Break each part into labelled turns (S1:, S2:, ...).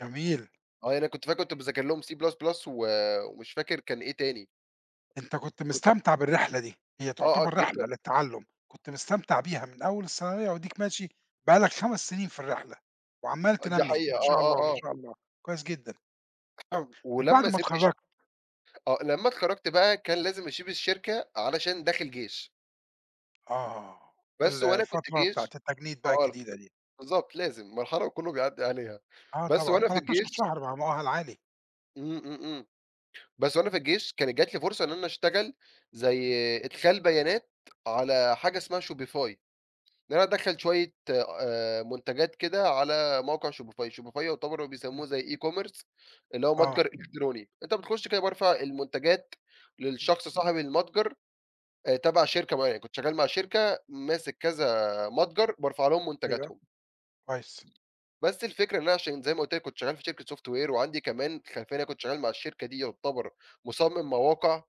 S1: جميل.
S2: آه، يعني أنا كنت فاكر كنت بذاكر لهم C plus plus و ومش فاكر كان إيه تاني.
S1: أنت كنت
S2: كنت
S1: مستمتع بالرحلة دي، هي
S2: آه، آه،
S1: تعتبر رحلة
S2: جدًا.
S1: للتعلُّم، كنت مستمتع بيها من أول الثانوية واديك ماشي، بقى لك 5 سنين في الرحلة، وعمّال
S2: دي
S1: تنمّي،
S2: حقيقة،
S1: ما شاء
S2: آه، آه،
S1: الله، ما
S2: آه.
S1: شاء الله، كويس جدًا. طَب بعد
S2: ولمّا
S1: ما
S2: سِبت الش
S1: اتخرَّجت؟
S2: آه، لمّا اتخرّجت بقى، كان لازم اسيب الشركة علشان داخل جيش.
S1: آه،
S2: بس
S1: ال
S2: وأنا كنت
S1: الفترة بتاعة
S2: جيش
S1: التجنيد بقى
S2: [unintelligible]
S1: الجديدة دي.
S2: بالضبط لازم، مرحلة وكلّه بيعدي عليها،
S1: آه
S2: بس
S1: طبعًا،
S2: وأنا في
S1: 13
S2: الجيش.
S1: شهر ما هو مؤهل عالي.
S2: إمم، إمم، إمم، بس وأنا في الجيش كانت جات لي فرصة إن أنا اشتغل، زي
S1: إمم.
S2: إدخال بيانات، على حاجة اسمها Shopify، إن أنا أدَخَّل شوية آآ منتجات كده على موقع Shopify ،Shopify يعتبر
S1: إمم.
S2: بيسموه زي e-commerce اللي هو
S1: آه.
S2: متجر إلكتروني، أنت بتخش كده بارفع المنتجات
S1: إمم.
S2: للشخص صاحب المتجر، تبع شركة معايا، كنت شغال مع شركة ماسك كذا متجر، بارفع لهم
S1: أيوه،
S2: منتجاتهم.
S1: كويس.
S2: بس الفكرة إن أنا عشان زي ما قلت لك كنت شغال في شركة software وعندي كمان خلفية لإن أنا كنت شغال مع الشركة دي يعتبر مصمِّم مواقع،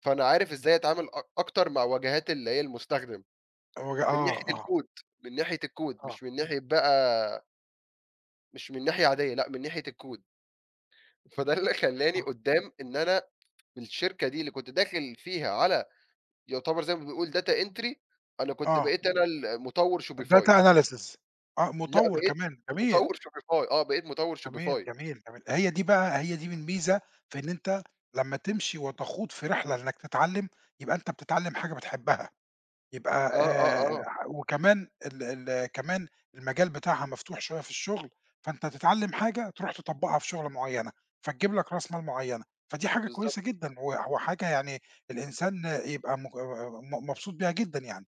S2: فأنا عارف إزاي أتعامل أ اكتر مع واجهات اللي هي المستخدم،
S1: الوج
S2: من ناحية
S1: آه، آه.
S2: الCode من ناحية الCode،
S1: آه.
S2: مش من ناحية بقى مش من ناحية عادية لأ، من ناحية الCode. فده اللي خلاني
S1: اه.
S2: قدّام إن أنا، في الشركة دي اللي كنت داخل فيها على يعتبر زي ما بيقول data entry، أنا كنت
S1: آه.
S2: بقيت أنا المطوِّر
S1: data
S2: Shopify.
S1: analysis، آه،
S2: لأ
S1: مطوِّر
S2: بقيت
S1: كمان، جميل.
S2: مطوِّر Shopify، آه بقيت مطوِّر
S1: جميل،
S2: Shopify.
S1: جميل، جميل، هي دي بقى، هي دي من ميزة في إن أنت لمّا تمشي وتخوض في رحلة إنك تتعلّم، يبقى أنت بتتعلّم حاجة بتحبها،
S2: آه،
S1: يبقى آآ
S2: آه، آه.
S1: وكمان ال ال كمان المجال بتاعها مفتوح شوية في الشغل، فأنت تتعلّم حاجة تروح تطبّقها في شغلة معيّنة، فتجيب لك راس مال معيّنة، فدي حاجة
S2: بالضبط.
S1: كويّسة جدًا، وح وحاجة يعني الإنسان يبقى م آآ م مبسوط بيها جدًا يعني.